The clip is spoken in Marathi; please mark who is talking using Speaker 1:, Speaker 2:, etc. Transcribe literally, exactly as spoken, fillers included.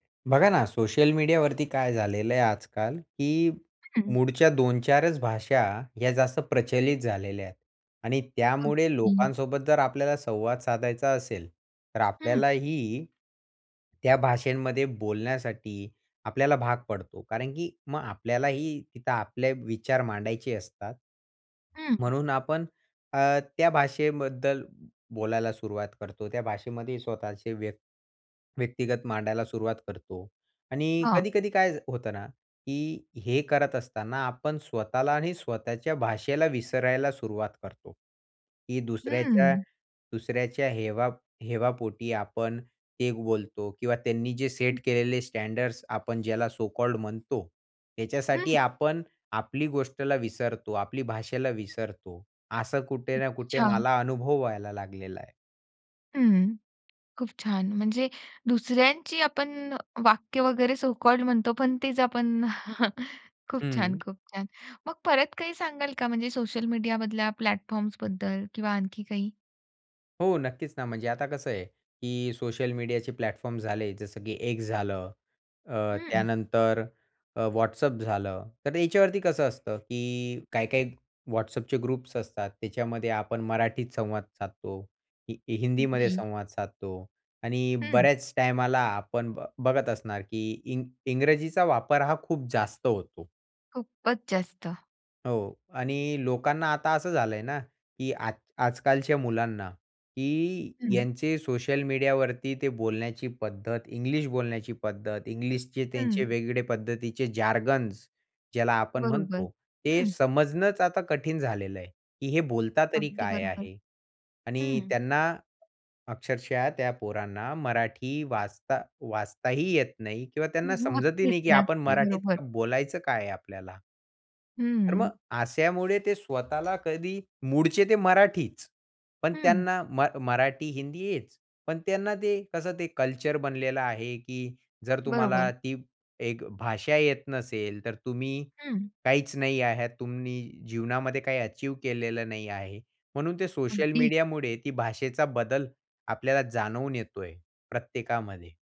Speaker 1: बघा ना, सोशल मीडियावरती काय झालेलं आहे आजकाल, की
Speaker 2: हं.
Speaker 1: मूळच्या दोन-चार च भाषा, ह्या जास्त प्रचलित झालेल्या आहेत आणि त्यामुळे
Speaker 2: अगदी.
Speaker 1: लोकांसोबत जर आपल्याला संवाद साधायचा असेल, तर
Speaker 2: हं.
Speaker 1: आपल्यालाही त्या भाषांमध्ये बोलण्यासाठी आपल्याला भाग पडतो. कारण की मग आपल्यालाही तिथं आपले विचार मांडायचे असतात.
Speaker 2: हं.
Speaker 1: म्हणून आपण अ, त्या भाषेबद्दल बोलायला सुरुवात करतो. त्या भाषेमध्ये स्वतःचे व्य व्यक्तिगत मांडायला सुरुवात करतो आणि
Speaker 2: हां.
Speaker 1: कधी-कधी काय होतं ना, की हे करत असताना आपण स्वतःला आणि स्वतःच्या भाषेला विसरायला सुरुवात करतो की दुसऱ्याच्या,
Speaker 2: हं.
Speaker 1: दुसऱ्याच्या हेवा हेवापोटी आपण ते बोलतो किंवा त्यांनी जे सेट
Speaker 2: हं.
Speaker 1: केलेले स्टँडर्ड्स आपण ज्याला सो कॉल्ड म्हणतो.
Speaker 2: हं.
Speaker 1: त्याच्यासाठी आपण आपली गोष्टला विसरतो, आपली भाषेला विसरतो. असं कुठे ना कुठे
Speaker 2: अच्छा.
Speaker 1: मला अनुभव व्हायला लागलेला आहे.
Speaker 2: हं. खूप छान. म्हणजे दुसऱ्यांची आपण वाक्य वगैरे सो कॉल्ड म्हणतो, पण तेच आपण खूप छान,
Speaker 1: हं.
Speaker 2: खूप छान. मग परत काही सांगाल का म्हणजे सोशल मीडिया मधल्या प्लॅटफॉर्म्सबद्दल किंवा आणखी काही?
Speaker 1: हो, नक्कीच ना. म्हणजे आता कसं आहे, की सोशल मीडियाचे प्लॅटफॉर्म झाले, जसं की X झालं, अ,
Speaker 2: हं.
Speaker 1: त्यानंतर अ, WhatsApp झालं. तर याच्यावरती कसं असतं, की काही-काही WhatsAppचे ग्रुप्स असतात, त्याच्यामध्ये आपण मराठीत संवाद साधतो, हि हिंदीमध्ये
Speaker 2: अगदी.
Speaker 1: संवाद साधतो आणि
Speaker 2: हं.
Speaker 1: बऱ्याच टाईमाला आपण बघत असणार की इंग इंग्रजीचा वापर हा खूप जास्त होतो.
Speaker 2: खूपच जास्त.
Speaker 1: हो. आणि लोकांना आता असं झालंय ना, की आज आजकालच्या मुलांना, की
Speaker 2: हं.
Speaker 1: यांचे सोशल मीडियावरती ते बोलण्याची पद्धत, इंग्लिश बोलण्याची पद्धत, इंग्लिशचे त्यांचे
Speaker 2: हं.
Speaker 1: वेगळे पद्धतीचे जार्गन्स ज्याला आपण
Speaker 2: बरोबर.
Speaker 1: म्हणतो, ते
Speaker 2: हं.
Speaker 1: समजणंच आता कठीण झालेलं आहे, की हे बोलता तरी
Speaker 2: अगदी
Speaker 1: काय
Speaker 2: बरोबर.
Speaker 1: आहे? आणि
Speaker 2: हं.
Speaker 1: त्यांना अक्षरशः त्या पोरांना मराठी वाचता वाचताही येत नाही किंवा त्यांना समजतही नाही,
Speaker 2: नक्कीच,
Speaker 1: की आपण
Speaker 2: नक्की अगदी
Speaker 1: मराठीत
Speaker 2: बरोबर.
Speaker 1: बोलायचं काय आहे आपल्याला. तर मग
Speaker 2: हं.
Speaker 1: अशामुळे ते स्वतःला कधी मूळचे ते मराठीच, पण
Speaker 2: हं.
Speaker 1: त्यांना म मराठी, हिंदी हेच, पण त्यांना ते कसं ते कल्चर बनलेलं आहे, की जर तुम्हाला
Speaker 2: बरोबर.
Speaker 1: ती एक भाषा येत नसेल, तर तुम्ही
Speaker 2: हं.
Speaker 1: काहीच नाही आहात. तुम्ही जीवनामध्ये काही अचीव्ह केलेलं नाही आहे. म्हणून ते सोशल
Speaker 2: अगदीच.
Speaker 1: मीडियामुळे ती भाषेचा बदल आपल्याला जाणवून येतोय प्रत्येकामध्ये.